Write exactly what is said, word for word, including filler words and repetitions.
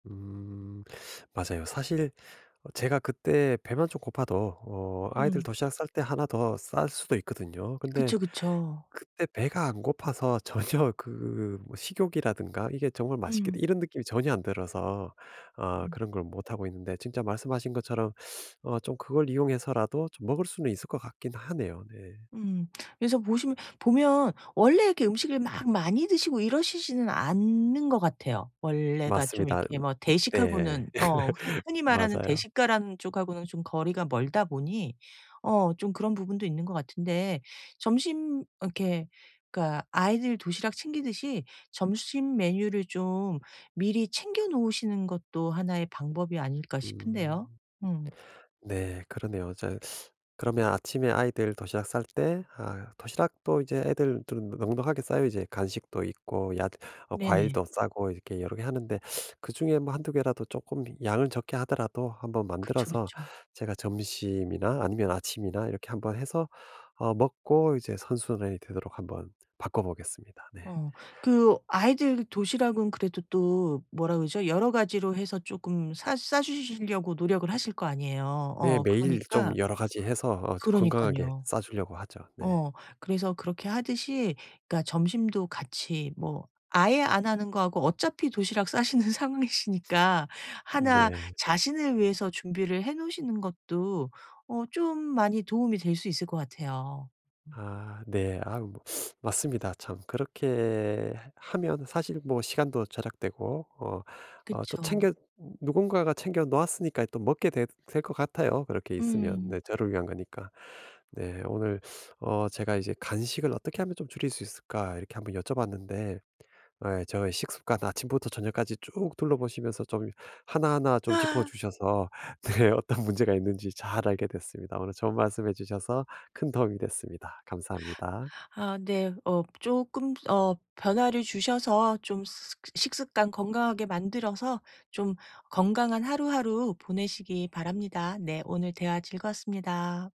음. 맞아요. 사실 어 제가 그때 배만 좀 고파도 어 아이들 음. 도시락 쌀 때 하나 더 쌀 수도 있거든요. 근데 그쵸, 그쵸. 그때 배가 안 고파서 전혀 그 뭐 식욕이라든가 '이게 정말 맛있겠다.' 음. 이런 느낌이 전혀 안 들어서 어 음. 그런 걸 못하고 있는데 진짜 말씀하신 것처럼 어 좀 그걸 이용해서라도 좀 먹을 수는 있을 것 같긴 하네요. 네. 음. 그래서 보시면 보면 원래 이렇게 음식을 막 많이 드시고 이러시지는 않는 것 같아요. 원래가 좀 맞습니다. 이렇게 음. 뭐 네. 대식하고는 어 흔히 흔히 말하는 맞아요. 대식가라는 쪽 하고는 좀 거리가 멀다 보니 어 좀 그런 부분도 있는 것 같은데 점심 이렇게 그러니까 아이들 도시락 챙기듯이 '점심 메뉴를 좀 미리 챙겨 놓으시는 것도 하나 의 방법이 아닐까?' 싶은데요. 음. 음. 네 그러네요. 어 저 그러면 아침에 아이들 도시락 쌀 때 아 도시락도 이제 애들 둘 은 넉넉하게 싸요 이제. 간식도 있고 얏 어 네네. 과일도 싸고 이렇게 여러 개 하는데 그중에 뭐 한 두 개라도 쪼끔 양을 적게 하더라도 한번 그쵸, 만들어서 그쵸. 제가 점심이나 아니면 아침이나 이렇게 한번 해서 어 먹고 이제 선순환이 되도록 한번 바꿔보겠습니다. 네. 어. 그 아이들 도시락은 그래도 또 뭐라 그러죠? 여러 가지로 해서 쪼끔 사 싸 주시려고 노력을 하실 거 아니에요. 네 어 매일 좀 그러니까 여러 가지 해서 어 저 건강하게 그러니깐요. 싸 주려고 하죠. 네. 어. 그래서 그렇게 하듯이 그러니까 점심도 같이 뭐 아예 안 하는 거하고 어차피 도시락 싸시는 상황이시니까 하나 네. 자신을 위해서 준비를 해 놓으시는 것도 어 좀 많이 도움이 될 수 있을 것 같아요. 음. 아 네. 아우 뭐 맞습니다 참. 그렇게 해 하면 사실 뭐 시간도 절약되고 어 어 또 그쵸. 챙겨 누군가가 챙겨 놓았으니까 또 먹게 되 될 것 같아요 그렇게 있으면 네 음. 저를 위한 거니까. 네. 오늘 어 제가 이제 "간식을 어떻게 하면 좀 줄일 수 있을까?" 이렇게 한번 여쭤봤는데 예 저희 식습관 아침부터 저녁까지 쭉 둘러보시면서 좀 하나하나 좀 아. 짚어주셔서 네 어떤 문제가 있는지 잘 알게 됐습니다. 오늘 좋은 말씀 해 주셔서 큰 도움이 됐습니다. 감사합니다. 아 네. 어 쪼끔 어 변화를 주셔서 좀 스 식습관 건강하게 만들어서 좀 건강한 하루하루 보내시기 바랍니다. 네 오늘 대화 즐거웠습니다.